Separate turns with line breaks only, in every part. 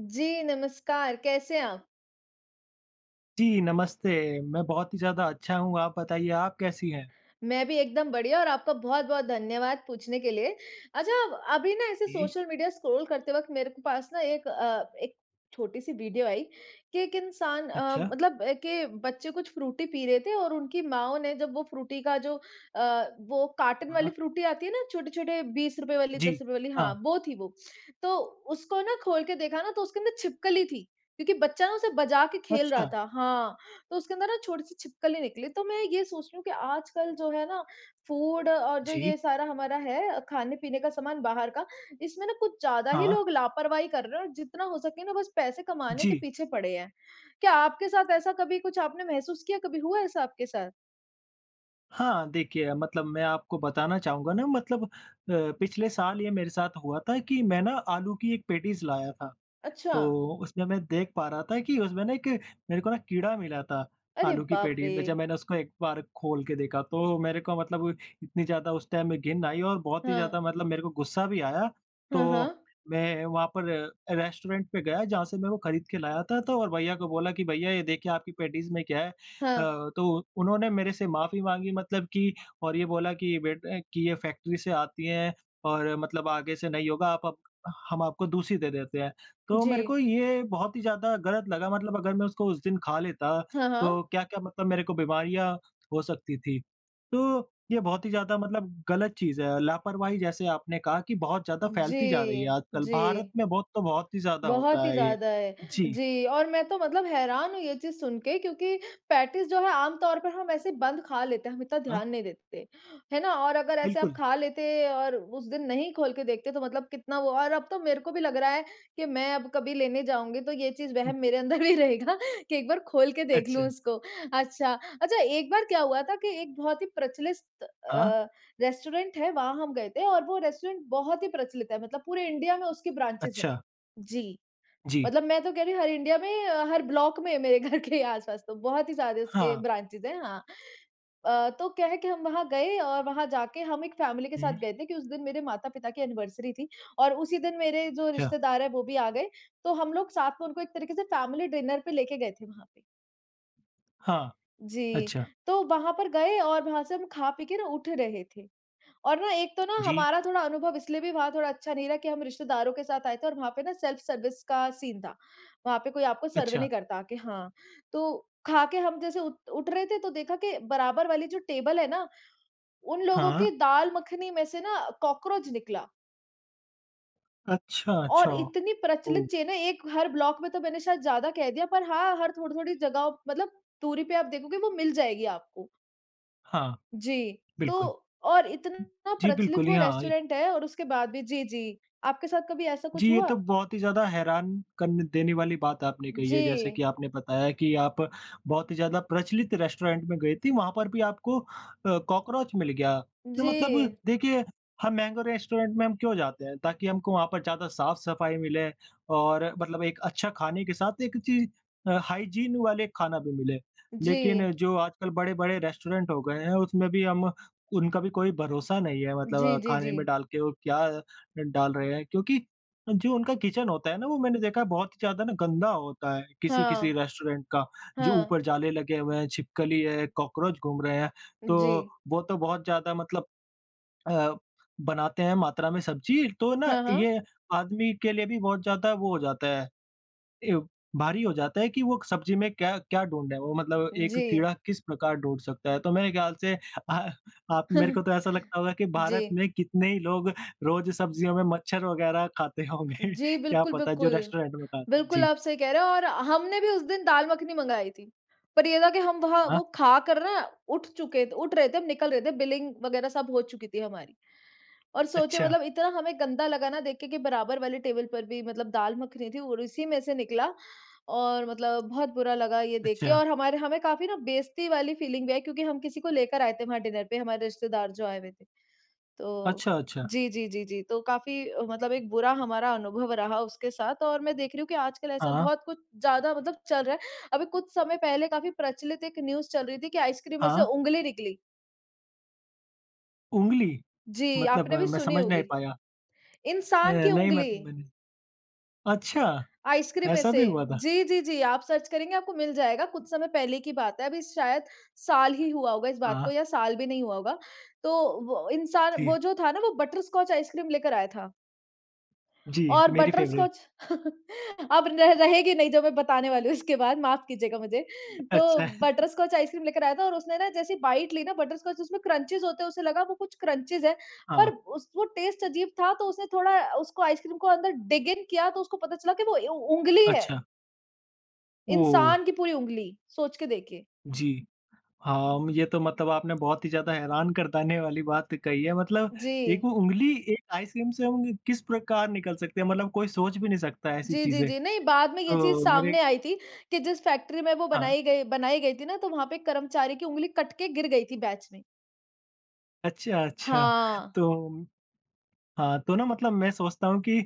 जी नमस्कार, कैसे हैं आप?
जी नमस्ते मैं बहुत ही ज़्यादा अच्छा हूँ। आप बताइए आप कैसी हैं?
मैं भी एकदम बढ़िया और आपका बहुत-बहुत धन्यवाद पूछने के लिए। अच्छा अभी ना ऐसे
जी।
सोशल मीडिया स्क्रॉल करते वक़्त मेरे को पास ना एक अ, एक छोटी सी वीडियो आई कि एक इंसान अ,
अच्छा।
मतलब अ, के बच्चे कुछ फ्रूटी पी रहे थे और उनकी माओं ने जब वो फ्रूटी का जो अ, वो कार्टन वाली
हाँ।
फ्रूटी आती है ना छोटे-छोटे ₹20 वाली, दस
जी,
रुपए वाली हाँ
हाँ।
वो थी वो, तो उसको ना खोल के देखा ना तो उसके अंदर छिपकली थी क्योंकि बच्चा ना उसे बजा के खेल रहा
अच्छा।
था, हाँ उसके अंदर ना छोटी सी छिपकली निकली तो मैं ये सोच रही हूँ कि आजकल जो है ना फूड और जो
जी।
ये सारा हमारा है खाने-पीने का सामान बाहर का। इसमें ना कुछ ज़्यादा ही
हाँ।
लोग लापरवाही कर रहे हैं और जितना हो सके ना बस पैसे कमाने के
जी।
पीछे पड़े हैं। क्या आपके साथ ऐसा कभी कुछ आपने महसूस किया? कभी हुआ ऐसा आपके साथ?
हाँ देखिए, मतलब मैं आपको बताना चाहूँगा ना मतलब अ, पिछले साल ये मेरे साथ हुआ था कि मैं ना आलू की एक पैटीज़ लाया था,
अच्छा।
तो उसमें मैं देख पा रहा था कि उसमें ना एक मेरे को ना कीड़ा मिला था,
अरे
आलू की
बाप
पैटी में जब
रे!
मैंने उसको एक बार खोल के देखा, तो मेरे को मतलब इतनी ज़्यादा उस टाइम में घिन्न आई और बहुत ही ज़्यादा
हाँ।
मतलब मेरे को गुस्सा भी आया,
हाँ,
तो
हाँ।
मैं वहाँ पर रेस्टोरेंट पे गया, जहाँ से मे वो खरीद के लाया था तो और भैया को बोला कि भैया ये देखिए आपकी पैटीज़ में क्या है अ,
हाँ।
तो उन्होंने मेरे से माफी माँगी मतलब कि और ये बोला कि बेट कि ये फैक्ट्री से आती है और मतलब आगे से नहीं होगा, आप अब हम आपको दूसरी दे देते हैं, तो मेरे को
जी।
ये बहुत ही ज़्यादा गलत लगा मतलब अगर मैं उसको उस दिन खा लेता
हाँ,
तो
हाँ।
क्या-क्या मतलब मेरे को बीमारियाँ हो सकती थी, तो ये बहुत ही ज़्यादा मतलब गलत चीज़ है, लापरवाही जैसे आपने कहा कि बहुत ज़्यादा फैलती जा रही है
जी,
आजकल, भारत
जी।
में बहुत तो बहुत ही ज़्यादा
बहुत
होता
ही
है ये,
ज़्यादा है।
जी।
जी और मैं तो मतलब हैरान हूँ ये चीज़ सुन के क्योंकि पैटीज़ जो है आम तौर पर हम ऐसे बंद खा लेते हैं, हम इतना
हाँ।
ध्यान नहीं देते है ना और अगर ऐसे आप
बिल्कुल।
खा लेते और उस दिन नहीं खोल के देखते तो मतलब कितना वो और अब तो मेरे को भी लग रहा है कि मैं आब कभी लेने जाऊँगी तो ये चीज़
हुँ।
वहम मेरे अंदर भी रहेगा कि एक बार खोल के देख
अच्छा।
लूँ उसको अच्छा, अच्छा एक बार क्या हुआ था कि एक बहुत ही प्रचलित
हाँ।
अ, रेस्टोरेंट है वहाँ हम गए थे और वो रेस्टोरेंट बहुत ही प्रचलित है मतलब पूरे इंडिया में उसकी ब्रांचेज हैं
अच्छा।
जी
जी।
मतलब मैं तो कह रही हूँ हर इंडिया में हर ब्लॉक में मेरे घर के ही आस-पास तो बहुत ही सारे उसके
हाँ।
ब्रांचेज हैं, हाँ अ, तो क्या है कि हम वहाँ गए और वहाँ जाके हम एक फैमिली के साथ
हुँ।
गए थे कि उस दिन मेरे माता-पिता की एनिवर्सरी थी और उसी दिन मेरे जो
अच्छा।
रिश्तेदार है वो भी आ गए। तो हम लोग साथ में उनको एक तरीके से फैमिली डिनर पे लेके गए थे वहाँ पे।
हाँ,
जी,
अच्छा।
तो वहाँ पर गए और वहाँ से हम खा-पीके ना उठ रहे थे। और ना एक तो ना
जी।
हमारा थोड़ा अनुभव इसलिए भी वहाँ थोड़ा अच्छा नहीं रहा कि हम रिश्तेदारों के साथ आए थे और वहाँ पे ना सेल्फ सर्विस का सीन था, वहाँ पे कोई आपको सर्व
अच्छा।
नहीं करता कि हाँ, तो खाके हम जैसे उठ उठ रहे थे तो देखा कि बराबर वाली जो टेबल है ना, उन लोगों
हाँ।
की दाल मखनी में से ना कॉकरोच निकला।
अच्छा, अच्छा,
और इतनी प्रचलित
ओ।
चेन है एक हर ब्लॉक में तो मैंने शायद ज़्यादा कह दिया पर हाँ, हर थोड़ी-थोड़ी जगहों मतलब दूरी पे आप देखोगे वो मिल जाएगी आपको।
हाँ,
जी,
बिल्कुल।
तो और इतना
जी
प्रचलित
बिल्कुल,
वो
यहाँ
रेस्टोरेंट है और उसके बाद भी जी, जी, आपके साथ कभी ऐसा
जी,
कुछ
ये तो
हुआ?
बहुत ही ज़्यादा हैरान कर देने वाली बात आपने कही है जैसे कि
जी।
आपने बताया कि आप बहुत ही ज़्यादा प्रचलित रेस्टोरेंट में गई थी वहाँ पर भी आपको अ, कॉकरोच मिल गया। तो मतलब
जी।
देखिए, हम महँगे रेस्टोरेंट में हम क्यों जाते हैं ताकि हमको वहाँ पर ज़्यादा साफ-सफाई मिले और मतलब एक अच्छा खाने के साथ एक चीज़ अ, हाइजीन वाले खाना भी मिले। लेकिन
जी।
जो आजकल बड़े-बड़े रेस्टोरेंट हो गए हैं उसमें भी हम उनका भी कोई भरोसा नहीं है
जी,
मतलब
जी,
खाने में
जी।
डाल के वो क्या ड डाल रहे हैं क्योंकि, जो उनका किचन होता है ना वो मैंने देखा है बहुत ही ज़्यादा ना गंदा होता है, किसी-किसी
हाँ,
रेस्टोरेंट का, जो
हाँ।
ऊपर जाले लगे हुए हैं छिपकली है कॉकरोच घूम रहे हैं तो
जी।
वो तो बहुत ज़्यादा मतलब अ, बनाते हैं मात्रा में सब्ज़ी, तो ना
हाँ, हाँ।
ये आदमी के लिए भी बहुत ज़्यादा वो हो जाता है। ए भारी हो जाता है कि वो सब्ज़ी में क्या क्या ढूँढ़े वो मतलब एक
जी।
कीड़ा किस प्रकार ढूँढ़ सकता है। तो मेरे ख़्याल से अ, आप मेरे को तो ऐसा लगता होगा कि भारत
जी।
में कितने ही लोग रोज सब्जियों में मच्छर वगैरह खाते होंगे
जी,
क्या
बिल्कुल,
पता जो
बिल्कुल।
रेस्टोरेंट में खाते
बिल्कुल
जी।
आप सही कह रहे हो और हमने भी उस दिन दाल-मखनी मँगाई थी। पर ये था कि हम वहाँ
हाँ।
वो खा कर ना उठ चुके उठ रहे थे हम निकल रहे थे बिलिंग वगैरह सब हो चुकी थी हमारी। और सोचे
अच्छा।
मतलब इतना हमें गंदा लगा ना देख के कि, बराबर वाले टेबल पर भी मतलब दाल मखनी थी और इसी में से निकला, और मतलब बहुत बुरा लगा ये देख के
अच्छा।
और हमारे हमें काफ़ी ना बेइज्जती वाली फीलिंग भी आई क्योंकि हम किसी को लेकर आए थे वहाँ डिनर पे हमारे रिश्तेदार जो आए हुए थे। तो
अच्छा, अच्छा।
जी, जी, जी, जी, तो काफ़ी मतलब एक बुरा हमारा अनुभव रहा उसके साथ और मैं देख रही हूँ कि आजकल ऐसा
हाँ।
बहुत कुछ ज़्यादा मतलब चल रहा है। अभी कुछ समय पहले काफ़ी प्रचलित एक न्यूज़ चल रही थी कि आइसक्रीम में से
हाँ।
ऊँगली निकली।
उँगली?
जी
मतलब
आपने भी
मैं
सुनी
समझ नहीं
होगी।
पाया। अ,
इंसान की
नहीं मत
उँगली
मैंने अच्छा
आइसक्रीम में
ऐसा
से।
भी हुआ था?
जी, जी, जी आप सर्च करेंगे आपको मिल जाएगा। कुछ समय पहले की बात है अभी शायद साल ही हुआ होगा इस बात को
हाँ।
या साल भी नहीं हुआ होगा। तो व इंसान वो
जी।
जो था न वो बटरस्कॉच आइसक्रीम लेकर आया था।
जी।
और
मेरी फ़ेवरेट।
बटरस्कॉच अब र रहेगी नहीं जो मैं बताने वाली हूँ, इसके बाद। माफ़ कीजिएगा मुझे। तो
अच्छा।
बटरस्कॉच आइसक्रीम लेकर आया था और उसने न जैसे बाईट ली न बटरस्कॉच उसमें क्रंचेस होते हैं उसे लगा वो कुछ क्रंचेस है पर
हाँ।
उस वो टेस्ट अज़ीब था। तो उसे थोड़ा अ, उसको आइस क्रीम को अंदर डिग इन किया तो उसको पता चला कि वो उ उँगली है।
अच्छा। ओह!
इंसान की पूरी उँगली, सोच के देखें।
जी। हाँ, मुझे तो मतलब आपने बहुत ही ज़्यादा हैरान कर देने वाली बात कही है। मतलब एक
जी।
वो उँगली एक आइसक्रीम से हम किस प्रकार निकल सकती है? मतलब कोई सोच भी नहीं सकता ऐसी
जी, जी,
चीज़ें।
जी। नहीं बाद में ये चीज़
तो मेरे
सामने आई थी कि जिस फ़ेेक्ट्री में वो
हाँ।
बनाई गई बनाई गई थी ना, तो वहाँ पे कर्मचारी की उँगली कट के गिर गयी थी बैच में।
अच्छा, अच्छा
हाँ।
तो हाँ तो न मतलब मैं सोचता हूँ कि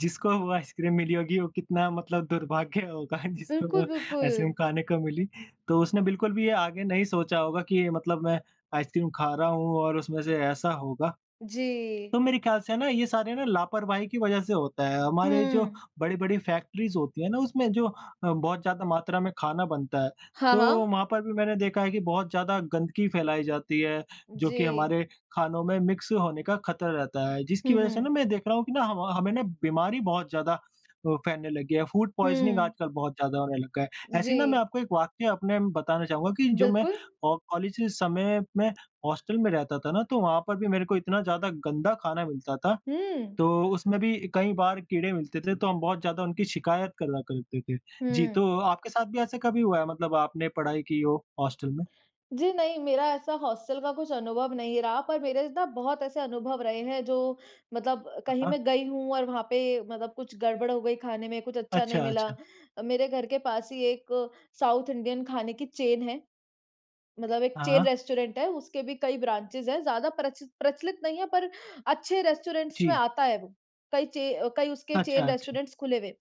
जिसको वो आइसक्रीम मिली होगी वो कितना मतलब दुर्भाग्य होगा जिसको वो
बिल्कुल,
आइसक्रीम
बिल्कुल।
खाने को मिली। तो उसने बिल्कुल भी ये आगे नहीं सोचा होगा कि मतलब मैं आइसक्रीम खा रहा हूँ और उसमें से ऐसा होगा।
जी।
तो मेरे ख्याल से है ना ये सारे न लापरवाही की वज़ह से होता है। हमारे जो
हुँ।
बड़ी-बड़ी फैक्ट्रीज़ होती हैं ना उसमें जो अ, बहुत ज़्यादा मात्रा में खाना बनता है
हाँ,
तो
हाँ।
वहाँ पर भी मैंने देखा है कि बहुत ज़्यादा गंदगी फैलाई जाती है जो कि
जी।
हमारे खानों में मिक्स होने का ख़तरा रहता है। जिसकी
हुँ,
वज़ह से न
हुँ।
मैं देख रहा हूँ कि ना ह म हमें न बीमारी बहुत ज़्यादा अ, फैलने लगी है। फूड पॉइज़निंग
हुँ।
आजकल बहुत ज़्यादा होने लग गया है। ऐसे ही न मैं
जी।
आपको एक वाक्य अपने बताना चाहूँगा कि जो मैं
बिल्कुल।
औ कॉलेज के समय में हॉस्टल में रहता था ना तो वहाँ पर भी मेरे को इतना ज़्यादा गंदा खाना मिलता था।
हुँ।
तो उसमें भी कई बार कीड़े मिलते थे तो हम बहुत ज़्यादा उनकी शिकायत करा करते थे। जी,
हुँ।
तो आपके साथ भी ऐसे कभी हुआ है मतलब आपने पढ़ाई की हो हॉस्टल में?
जी, नहीं मेरा ऐसा हॉस्टल का कुछ अनुभव नहीं रहा पर मेरे न बहुत ऐसे अनुभव रहे हैं, जो, मतलब
हाँ,
कहीं
हाँ।
मैं गई हूँ और वहाँ पे मतलब कुछ गड़बड़ हो गई खाने में, कुछ अच्छा
अच्छा,
नहीं मिला।
अच्छा।
अ, मेरे घर के पास ही एक साउथ इंडियन खाने की चेन है। मतलब एक चेन
हाँ।
रेस्टोरेंट है, उसके भी कई ब्रांचेज़ हैं। ज़्यादा प्रच प्रचलित नहीं है पर अच्छे रेस्टोरेंट्स में
जी।
आता है वो। कई चे कई उसके
अच्छा,
चेन
अच्छा।
रेस्टोरेंट्स खुले हुए।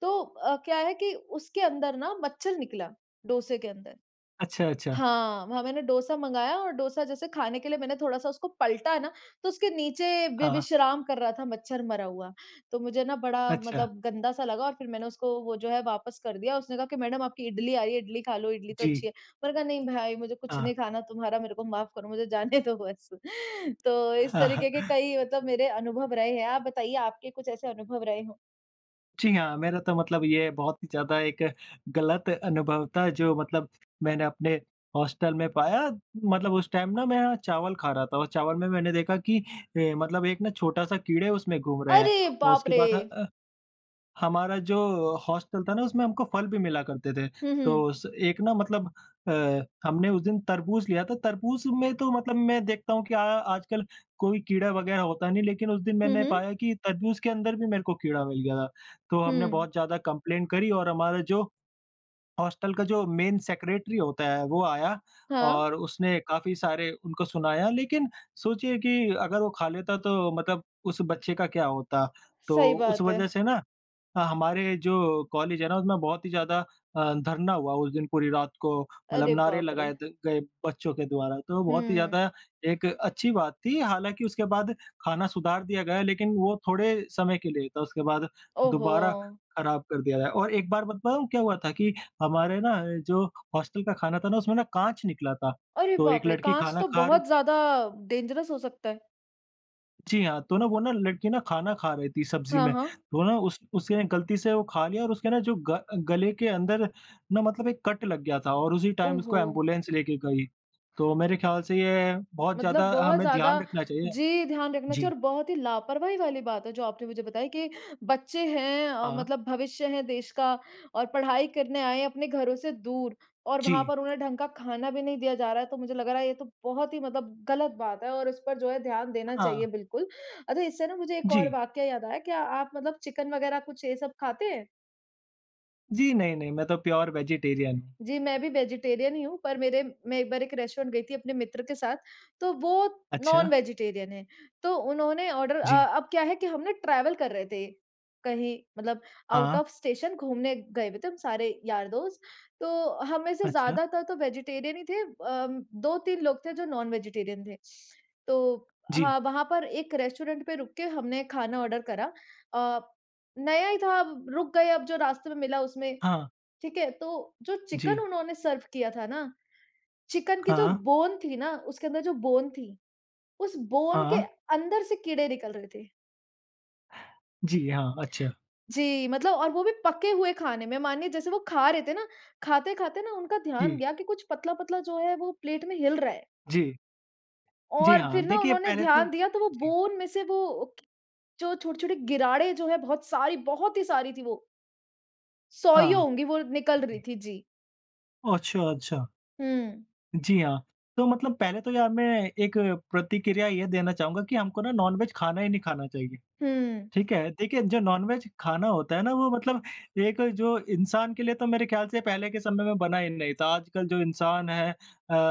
तो अ, क्या है कि उसके अंदर ना मच्छर निकला, डोसे के अंदर।
अच्छा, अच्छा।
हाँ वहाँ मैंने डोसा मँगाया और डोसा जैसे खाने के लिए मैंने थोड़ा-सा उसको पलटा न तो उसके नीचे वे
हाँ।
विश्राम कर रहा था मच्छर मरा हुआ। तो मुझे न बड़ा
अच्छा।
मतलब गंदा सा लगा और फिर मैंने उसको वो जो है वापस कर दिया। उसने कहा कि मैडम आपकी इडली आ रही है, इडली खा लो, इडली तो अच्छी
जी।
है। मैंने कहा नहीं भाई मुझे कुछ
हाँ।
नहीं खाना तुम्हारा मेरे को माफ़ करो, मुझे जाने दो बस तो इस
हाँ,
तरीके के
हाँ।
कई मतलब मेरे अनुभव रहे हैं। आप बताइए आपके कुछ ऐसे अनुभव रहे हों?
जी हाँ। मेरा तो मतलब ये बहुत ही ज़्यादा एक गलत अनुभव था जो मतलब मैंने अपने हॉस्टल में पाया। मतलब उस टाइम न मैं चावल खा रहा था और चावल में मैंने देखा कि अ, मतलब एक ना छोटा-सा कीड़े उसमें घूम रहे हैं।
अरे
और
बाप
उसके
रे!
बाद ह अ, हमारा जो हॉस्टल था न उसमें हमको फल भी मिला करते थे।
हुँ, हुँ।
तो स एक न मतलब अ, हमने उस दिन तरबूज लिया था। तरबूज में तो मतलब मैं देखता हूँ कि अ, आजकल कोई कीड़ा वग़ेेरह होता नहीं लेकिन उस दिन
हुँ,
मैंने
हुँ।
पाया कि तरबूज के अंदर भी मेरे को कीड़ा मिल गया था। तो हमने
हुँ।
बहुत ज़्यादा कंप्लेंन करी और हमारा जो हॉस्टल का जो मेन सेक्रेटरी होता है वो आया
हाँ।
और उसने काफ़ी सारे उनको सुनाया। लेकिन सोचिए कि अगर वो खा लेता तो मतलब उस बच्चे का क्या होता? तो
सही
उस
बात है।
वज़ह से ना ह हमारे जो कॉलेज है न उसमें बहुत ही ज़्यादा अ, धरना हुआ उस दिन पूरी रात को। मतलब
अरे
नारे
बाप रे!
लगाए द गए बच्चों के द्वारा। तो बहुत ही
हुँ।
ज़्यादा एक अच्छी बात थी हालाँकि उसके बाद खाना सुधार दिया गया लेकिन वो थोड़े समय के लिए था, उसके बाद
ओह
दोबारा
हो!
ख़राब कर दिया गया। और एक बार बताऊँ क्या हुआ था कि हमारे ना जो हॉस्टल का खाना था ना उसमें ना काँच निकला था।
अरे
तो एक
बाप रे!
लड़की
काँच
खाना
तो
खार
बहुत ज़्यादा डेंजरस हो सकता है।
जी हाँ, तो ना वो न लड़की न खाना खा रही थी सब्ज़ी
हाँ,
में,
हाँ।
तो न उस उसने गलती से वो लिया और उसके न जो ग गले के अंदर न मतलब एक कट लग गया था। और उसी टाइम उसको
ओहो।
एंबुलेंस लेके गई, तो मेरे ख़्याल से ये बहुत
मतलब
ज़्यादा अ,
बहुत
हमें ध्यान
ज़्यादा
रखना चाहिए।
जी, ध्यान रखना
जी।
चाहिए और बहुत ही लापरवाही वाली बात है जो आपने मुझे बताई कि बच्चे हैं अ,
हाँ।
मतलब भविष्य हैं देश का और पढ़ाई करने आए हैं अपने घरों से दूर और वहाँ
जी।
पर उन्हें ढंग का खाना भी नहीं दिया जा रहा है तो मुझे लग रहा है ये तो बहुत ही मतलब ग़लत बात है और इस पर जो है ध्यान देना चाहिए
हाँ।
बिल्कुल, अच्छा इससे ना मुझे एक और
जी।
वाक़या याद आया, क्या आप मतलब चिकन वगैरह कुछ ये सब खाते हैं?
जी नहीं-नहीं मैं तो प्योर वेजेटेरियन हूँ।
जी, मैं भी वेजिटेरियन ही हूँ, पर मेरे मैं एक बार एक रेस्टोरेंट गई थी अपने मित्र के साथ तो वो
अच्छा।
नॉन-वेजिटेरियन है तो उन्होंने ऑर्डर अ,
जी।
अब क्या है कि हमने ट्रैवल कर रहे थे, कहीं मतलब आउट
हाँ।
ऑफ़ स्टेशन घूमने गए हुए थे, सारे यार-दोस्त तो हम में से
अच्छा।
ज़्यादातर तो वेजिटेरियन ही थे। अ, 2-3 लोग थे जो नॉन-वेजिटेरियन थे, तो
जी।
हाँ, वहाँ पर एक रेस्टोरेंट पे रुक के हमने खाना ऑर्डर करा, अ, नया ही था अब रुक गए अब जो रास्ते में मिला उसमें
हाँ।
ठीक है, तो जो चिकन
जी।
उन्होंने सर्व किया था न, चिकन की जो
हाँ।
बोन थी न, उसके अंदर जो बोन थी, उस बोन के
हाँ।
अंदर से कीड़े निकल रहे थे।
जी हाँ, अच्छा।
जी, मतलब और वो भी पके हुए खाने में मानिए जैसे वो खा रहे थे ना, खाते-खाते न उनका ध्यान
जी।
गया कि कुछ पतला-पतला जो है वो प्लेट में हिल रहा है।
जी। जी
और
हाँ,
फिर ना
देखिये
उन्होंने
पहले तो
ध्यान दिया तो वो
जी।
बोन में से वो जो छोटे-छोटे गिराड़े जो है बहुत सारी, बहुत ही सारी थी वो। सौयों
हाँ,
होंगी वो निकल रही
जी।
थी। जी।
ओह! अच्छा, अच्छा।
हुँ।
जी, हाँ, तो मतलब पहले तो यहाँ मैं एक प्रतिक्रिया ये देना चाहूँगा कि हमको ना नॉनवेज खाना ही नहीं खाना चाहिए।
हुँ।
ठीक है? देखिए जो नॉनवेज खाना होता है ना, वो मतलब एक अ, जो इंसान के लिए तो मेरे ख़्याल से पहले के समय में बना ही नहीं था आजकल जो इंसान है अ,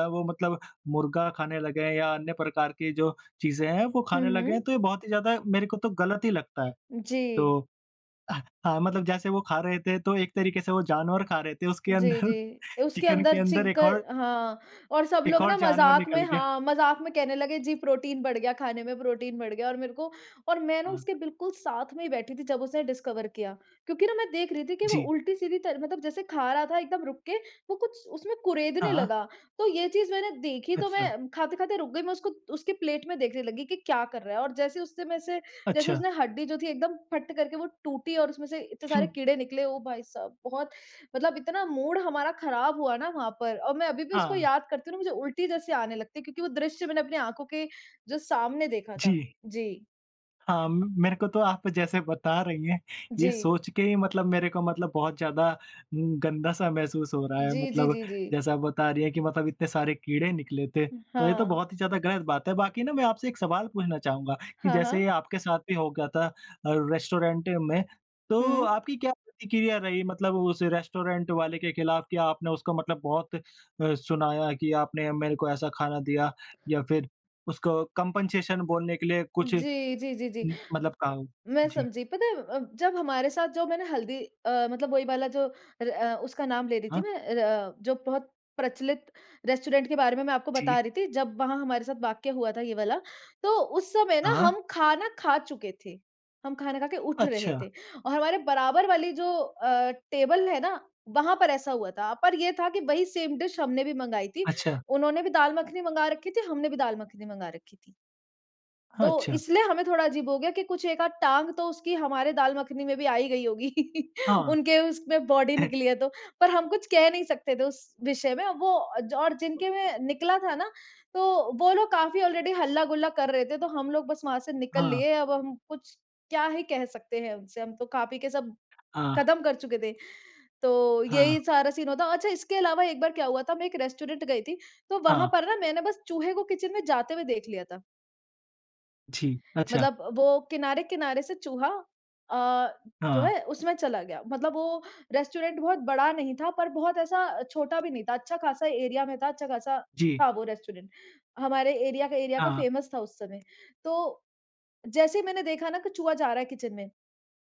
वो मतलब मुर्ग़ा खाने लगे हैं या अन्य प्रकार की जो चीज़ें हैं वो
हुँ,
खाने लगे हैं
हुँ।
तो ये बहुत ही ज़्यादा, मेरे को तो गलत ही लगता है।
जी।
तो अ, हाँ, मतलब जैसे वो खा रहे थे तो एक तरीके से वो जानवर खा रहे थे उसके
जी,
अंदर,
जी। उसके
चिकन के
अंदर
अंदर
चिक
एक और
हाँ, और सब
एक
लोग
और
न
जानवर
मज़ाक
निकल
में
गया।
हाँ, मज़ाक में कहने लगे जी प्रोटीन बढ़ गया खाने में प्रोटीन बढ़ गया और मेरे को और मैं ना
हाँ।
उसके बिल्कुल साथ में ही बैठी थी जब उसने डिस्कवर किया, क्योंकि न मैं देख रही थी कि वो
जी।
उल्टी-सीधी तरह मतलब जैसे खा रहा था एकदम रुक के, वो कुछ उसमें कुरेदने
हाँ।
लगा। तो ये चीज़ मैंने देखी तो, तो
अच्छा।
मैं खाते-खाते रुक गई, मैं उसको उसकी प्लेट में देखने लगी कि क्या कर रहा है? और जैसे उससे में से जैसे
अच्छा।
उसने हड्डी जो थी एकदम फट्ट करके वो टूटी और उसमें से इत्ते सारे
हुँ।
कीड़े निकले ओ भाई साहब! बहुत मतलब इतना मूड हमारा ख़राब हुआ ना वहाँ पर, और मैं अभी भी उसको
हाँ।
याद करती हूँ ना मुझे उल्टी जैसी आने लगती है क्योंकि वो दृश्य मैंने अपनी आँखों के जो सामने देखा था।
जी।
जी।
हाँ, म मेरे को तो आप जैसे बता रही हैं ये
जी।
सोच के ही मतलब मेरे को मतलब बहुत ज़्यादा अ, गन्दा-सा महसूस हो रहा है
जी, जी,
मतलब
जी, जी।
जैसा आप बता रही हैं कि मतलब इतने सारे कीड़े निकले थे,
उ,
तो ये तो
हाँ।
बहुत ही ज़्यादा गलत बात है। बाकी न मैं आपसे एक सवाल पूछना चाहूँगा? कि
हाँ,
जैसे
हाँ।
आपके साथ भी हो गया था अ, रेस्टोरेंट में, तो
हुँ।
आपकी क्या प्रतिक्रिया रही? मतलब उस रेस्टोरेंट वाले के खिलाफ क्या आपने उसको मतलब बहुत अ, सुनाया? कि आपने मेरे को ऐसा खाना दिया या फिर उसको कम्पेंसेशन बोलने के लिए कुछ उ
जी, जी, जी, जी।
मतलब कहा?
मैं
जी।
समझी पता है अ, जब हमारे साथ जो मैंने हल्दी अ, मतलब वही वाला जो अ, उसका नाम ले रही थी
हाँ।
मैं अ, जो बहुत प्रचलित रेस्टोरेंट के बारे में मैं आपको बता
जी।
रही थी जब वहाँ हमारे साथ वाक़या हुआ था ये वाला, तो उस समय न
हाँ।
हम खाना खा चुके थे, हम ख़ाना खा के उठ रहे
अच्छा।
थे। और हमारे बराबर वाली जो अ, टेबल है ना वहाँ पर ऐसा हुआ था, पर ये था कि वही सेम डिश हमने भी मँगाई थी।
अच्छा।
उन्होंने भी दाल-मखनी मँगा रखी थी, हमने भी दाल-मखनी मँगा रखी थी।
हाँ,
तो
अच्छा।
इसलिये हमें थोड़ा अजीब हो गया कि कुछ एक-आध टाँग तो उसकी हमारे दाल मखनी में भी आ ही गयी होगी।
हाँ।
उनके उसमें बॉडी निकली है तो, पर हम कुछ कह नहीं सकते थे उस विषय में वो और जिनके में निकला था ना, तो वो लोग काफ़ी ऑलरेडी हल्ला-गुल्ला कर रहे थे तो हम लोग बस वहाँ से निकल
हाँ।
लिए, अब हम कुछ क्या ही कह सकते हैं उनसे हम तो खा-पी के सब
हाँ।
कदम कर चुके थे। तो
हाँ।
यही सारा सीन हुआ था अच्छा इसके अलावा एक बार क्या हुआ था मैं एक रेस्टोरेंट गई थी तो वहाँ
हाँ।
पर न मैंने बस चूहे को किचन में जाते हुए देख लिया था।
जी, अच्छा।
मतलब वो किनारे-किनारे से चूहा अ, जो
हाँ।
है उसमें चला गया। मतलब वो रेस्टोरेंट बहुत बड़ा नहीं था पर बहुत ऐसा छोटा भी नहीं था। अच्छा-ख़ासा एरिया में था, अच्छा-ख़ासा
जी।
था वो रेस्टोरेंट हमारे एरिया का एरिया का
हाँ।
फ़ेमस था उस समय। तो जैसे ही मैंने देखा ना कि चूहा जा रहा है किचन में।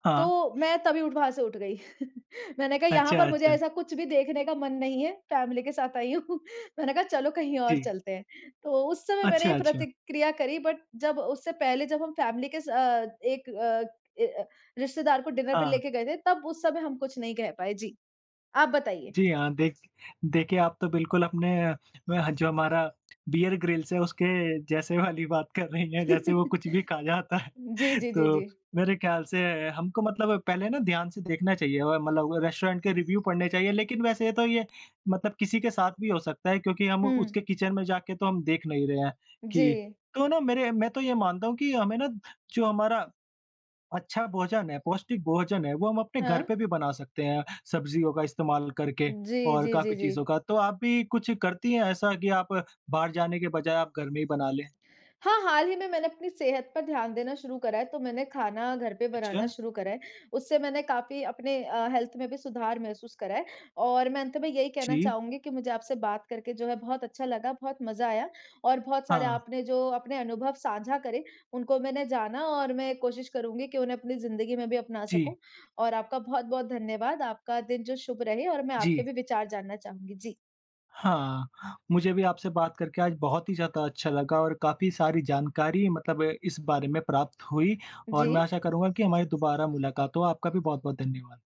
हाँ।
तो मैं तभी उठ वहाँ से उठ गई। मैंने कहा यहाँ
अच्छा,
पर मुझे
अच्छा।
ऐसा कुछ भी देखने का मन नहीं है। फ़ैमिली के साथ आई हूँ मैंने कहा चलो कहीं और
जी।
चलते हैं। तो उस समय मैंने
अच्छा,
ये
अच्छा।
प्रतिक्रिया करी बट जब उससे पहले, जब हम फ़ैमिली के सा अ, एक अ अ, रिश्तेदार को डिनर पे
हाँ।
लेके गए थे तब उस समय हम कुछ नहीं कह पाए। जी, आप बताइए?
जी हाँ, देख देखे आप तो बिल्कुल अपने अ, जो हमारा बीयर ग्रिल्स है उसके जैसे वाली बात कर रही हैं जैसे वो कुछ भी खा जाता है
जी, जी, जी,
तो
जी।
मेरे ख़याल से हमको मतलब पहले ना ध्यान से देखना चाहिए। और मतलब रेस्टोरेंट के रिव्यू पढ़ने चाहिए लेकिन वैसे तो ये मतलब किसी के साथ भी हो सकता है। क्योंकि हम
हुँ।
उसके किचन में जाके तो हम देख नहीं रहे हैं कि
जी।
तो ना मेरे मैं तो ये मानता हूँ कि हमें ना जो हमारा अच्छा भोजन है, पौष्टिक भोजन है वो हम अपने घर
हाँ।
पे भी बना सकते हैं, सब्ज़ियों का इस्तेमाल करके
जी,
और
जी,
काफ़ी
जी,
चीज़ों
जी।
का। तो आप भी कुछ करती हैं ऐसा कि आप बाहर जाने के बजाय आप घर में ही बना लें?
हाँ, हाल ही में मैंने अपनी सेहत पर ध्यान देना शुरू करा है तो मैंने खाना घर पे बनाना
अच्छा।
शुरू करा है उससे मैंने काफ़ी अपने अ, हेल्थ में भी सुधार महसूस करा है। और मैं अंत में यही कहना
जी।
चाहूँगी कि मुझे आपसे बात करके जो है बहुत अच्छा लगा, बहुत मज़ा आया। और बहुत सारे
हाँ।
आपने जो अपने अनुभव साझा करे उनको मैंने जाना और मैं कोशिश करूँगी कि उन्हें अपनी ज़िंदगी में भी अपना सकूँ।
जी।
और आपका बहुत-बहुत धन्यवाद आपका दिन जो शुभ रहे और मैं
जी।
आपके भी विचार जानना चाहूँगी। जी।
हाँ, मुझे भी आपसे बात करके आज बहुत ही ज़्यादा अच्छा लगा और काफ़ी सारी जानकारी मतलब इस बारे में प्राप्त हुई और मैं
जी।
आशा करूँगा कि हमारी दोबारा मुलाक़ात हो। आपका भी बहुत-बहुत धन्यवाद।